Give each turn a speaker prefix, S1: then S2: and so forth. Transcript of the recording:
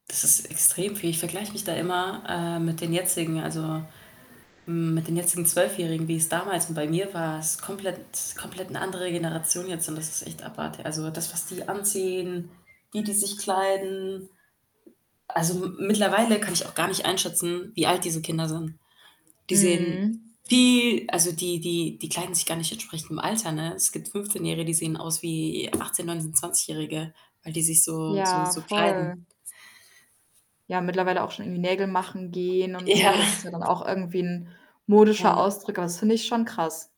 S1: Das ist extrem viel. Ich vergleich mich da immer, äh, mit den jetzigen also, mit den jetzigen Zwölfjährigen, wie es damals und bei mir war, ist komplett es ist komplett 'ne andere Generation jetzt und das ist echt abartig. Also, das was die anziehen, wie die sich kleiden. Also, mi mittlerweile kann ich auch gar nicht einschätzen, wie alt diese Kinder sind. Die sehen
S2: Mhm.
S1: viel also die die die kleiden sich gar nicht entsprechend dem Alter, ne? Es gibt Fünfzehnjährige, die sehen aus wie Achtzehn, Neunzehn, Zwanzigjährige, weil die sich so so
S2: Ja,
S1: so kleiden.
S2: voll. Ja, mittlerweile auch schon irgendwie Nägel machen gehen und
S1: Ja.
S2: so. Das ist ja dann auch irgendwie 'n modischer
S1: Ja.
S2: Ausdruck, aber das finde ich schon krass.